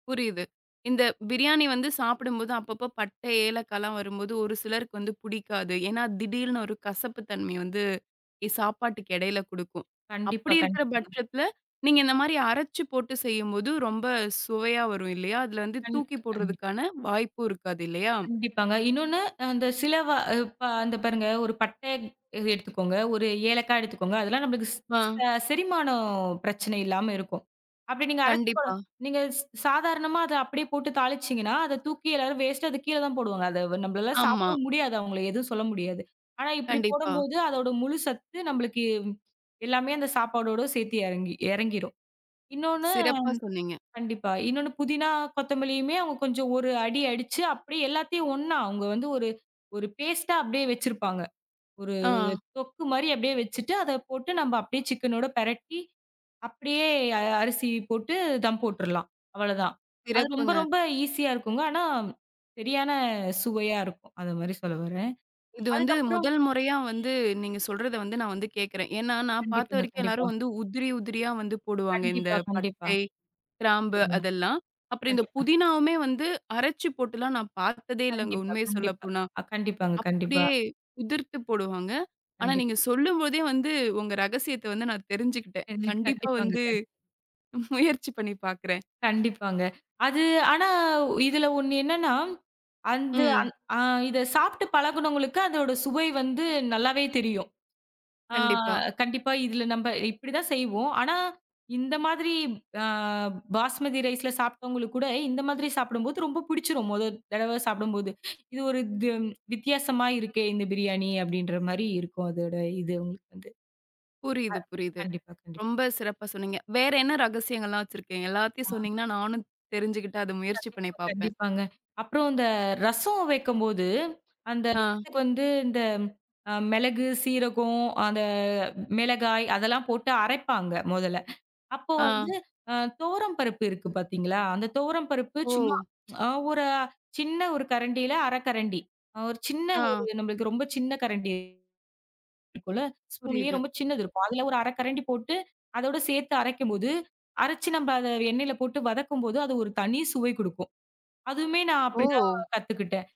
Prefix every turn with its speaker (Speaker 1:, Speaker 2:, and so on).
Speaker 1: புரியுது. இந்த பிரியாணி வந்து சாப்பிடும்போது, அப்பப்போ பட்டை, ஏலக்காலாம் வரும்போது, ஒரு சிலருக்கு வந்து புடிக்காது. ஏன்னா, திடீர்னு ஒரு கசப்பு தன்மை வந்து இ சாப்பாட்டுக்கு எடையில குடுக்கும்.
Speaker 2: கண்டிப்பா
Speaker 1: அப்படி இருக்கிற
Speaker 2: கண்டிப்பாங்க.
Speaker 1: பட்சத்தில, நீங்க இந்த மாரி அரைச்சு போட்டு செய்யும்போது, ரொம்ப சுவையா வரும் இல்லையா? அதில வந்து தூக்கி
Speaker 2: கண்டிப்பா கண்டிப்
Speaker 1: போடுறதுக்கான வாய்ப்பும் இருக்காது இல்லையா?
Speaker 2: கண்டிப்பாங்க. இன்னொன்னு, அ அந்த சில வா இப்ப இந்த பாருங்க, 1 பட்டைய எடுத்துக்கோங்க, 1 ஏலக்கா எடுத்துக்கோங்க. அதெல்லாம் நம்மளுக்கு ஸ்
Speaker 1: ஆ.
Speaker 2: ஸ செரிமானம் பிரச்சனை இல்லாம இருக்கும். அப்டி நீங்க அரைச்சி போட
Speaker 1: கண்டிப்பா.
Speaker 2: நீங்க ஸ் சாதாரணமா அத அப்படியே போட்டு தாளிச்சீங்கன்னா, அத தூக்கி எல்லாரும் வேஸ்ட்டா அது கீழ தான் போடுவாங்க. அத வ நம்பளால
Speaker 1: ஆமா.
Speaker 2: சாப்பிடவும் முடியாது, அவங்கள எதுவும் சொல்ல முடியாது. ஆனா, இப்டி
Speaker 1: கண்டிப்பா.
Speaker 2: போடம்போது, அதோட முழு சத்து, நம்பளுக்கு எல்லாமே அந்த சாப்பாடோடு சேத்தி எறங்கி எறங்கிரும். இன்னொன்னு
Speaker 1: சிறப்பா சொன்னீங்க.
Speaker 2: கண்டிப்பா. இன்னொன்னு புதினா, கொத்தமல்லியுமே அவுங்க கொஞ்சம் ஒரு அடி அடிச்சு, அப்படியே எல்லாத்தையும் ஒன்னா, அவுங்க வந்து ஒரு ஒரு பேஸ்டா அப்டியே வச்சிருப்பாங்க, ஒரு
Speaker 1: ஆ.
Speaker 2: தொக்கு மாரி அப்டியே வச்சிட்டு, அத போட்டு நம்ப அப்டியே சிக்கனோட பெரட்டி, அப்டியே அ அரிசி போட்டு தம் போட்டுறலாம், அவ்வளதான். அது ரொம்ப
Speaker 1: சிறப்புங்க.
Speaker 2: ரொம்ப ஈசியா இருக்குங்க. ஆனா, சரியான சுவையா இருக்கும். அது மாரி சொல்ல வர்றேன்.
Speaker 1: இது வந்து,
Speaker 2: அதுக்கப்புறம்
Speaker 1: முதல் முறையா வந்து நீங்க சொல்றதை வந்து நான் வந்து கேக்கிறேன். ஏன்னா, நான் பாத்த
Speaker 2: கண்டிப்பாங்க
Speaker 1: வரைக்கும் எல்லாரும்
Speaker 2: கண்டிப்பா.
Speaker 1: வந்து உதிரி உதிரியா வந்து போடுவாங்க. இந்த
Speaker 2: கண்டிப்பா கண்டிப்பா.
Speaker 1: பட்டை, கிராம்பு
Speaker 2: ம்.
Speaker 1: அதெல்லாம், அப்புறம் இந்த
Speaker 2: கண்டிப்பா.
Speaker 1: புதினாவுமே வந்து அரைச்சு போட்டுலாம் நான் பாத்ததே இல்லைங்க,
Speaker 2: கண்டிப்பா
Speaker 1: உண்மையை
Speaker 2: கண்டிப்பா.
Speaker 1: சொல்லப்போனா.
Speaker 2: அ கண்டிப்பாங்க கண்டிப்பா.
Speaker 1: அப்படியே உதிர்த்து போடுவாங்க. ஆனா
Speaker 2: கண்டிப்
Speaker 1: நீங்க சொல்லும்போதே வந்து, உங்க ரகசியத்தை வந்து நான் தெரிஞ்சுக்கிட்டேன்.
Speaker 2: [unintelligible]
Speaker 1: கண்டிப்பா
Speaker 2: கண்டிப்பாங்க
Speaker 1: வந்து,
Speaker 2: கண்
Speaker 1: முயற்சி பண்ணி பாக்கிறேன்.
Speaker 2: கண்டிப்பாங்க. அது ஆனா, இதில ஒண்ணு என்னான்னா, அந்து
Speaker 1: ம்.
Speaker 2: அந் அ இத சாப்ட்டு பழகுனவங்களுக்கு அதோட சுவை வந்து நல்லாவே தெரியும். ஆ
Speaker 1: கண்டிப்பா.
Speaker 2: கண்டிப்பா. இதில நம்ப இப்படி தான் செய்வோம். ஆனா, இந்த மாதிரி, அ பாஸ்மதி ரைஸ்ல சாப்ட்டவங்களுக்கு கூட, இந்த மாதிரி சாப்பிடும் போது ரொம்ப பிடிச்சிரும். மொதல் தடவை சாப்பிடும்போது, "இது ஒரு க்கும் வித்தியாசமா இருக்கே! இந்த பிரியாணி!" அப்டின்ற மாரி இருக்கும். அதோட இது அவுங்களுக்கு வந்து.
Speaker 1: புரியுது
Speaker 2: அ
Speaker 1: புரியுது.
Speaker 2: கண்டிப்பா-கண்டிப்பா.
Speaker 1: ரொம்ப சிறப்பா சொன்னீங்க. வேற என்னா ரகசியங்கள்லாம் வச்சிருக்கீங்க? எல்லாத்தையும்
Speaker 2: ஆ.
Speaker 1: சொன்னீங்கன்னா நானும் தெரிஞ்சுகிட்டு அத முயற்சி பண்ணி
Speaker 2: கண்டிப்பா
Speaker 1: பாப்பேன்.
Speaker 2: கண்டிப்பாங்க. அப்புறம், இந்த ரசம் வைக்கம் போது, அந்த
Speaker 1: ஆ.
Speaker 2: ரசத்துக்கு வந்து இந்த அ மிளகு, சீரகம், அந்த மிளகாய், அதெல்லாம் போட்டு அரைப்பாங்க மொதல்ல. அப்போ
Speaker 1: ஆ.
Speaker 2: வந்து, அ துவரம் பருப்பு இருக்கு பாத்தீங்களா? அந்த துவரம் பருப்பு சும்மா
Speaker 1: ஓ!
Speaker 2: அ ஒரு சின்ன ஒரு கரண்டியில 1/2கரண்டி ஒரு சின்ன ஒரு
Speaker 1: ஆ.
Speaker 2: நம்மளுக்கு ரொம்ப சின்ன கரண்டி இருக்கும்ல! ஸ்பூன்லயே
Speaker 1: புரியுது.
Speaker 2: ரொம்ப சின்னது இருக்கும், அதில ஒரு 1/2கரண்டி போட்டு, அதோட சேத்து அரைக்கும் போது, அரைச்சு நம்ப அத எண்ணெயில போட்டு வதக்கும் போது அது ஒரு தனி சுவை குடுக்கும். அதுவுமே நான் அப்படி தான்
Speaker 1: ஓ!
Speaker 2: கத்துக்கிட்டேன்.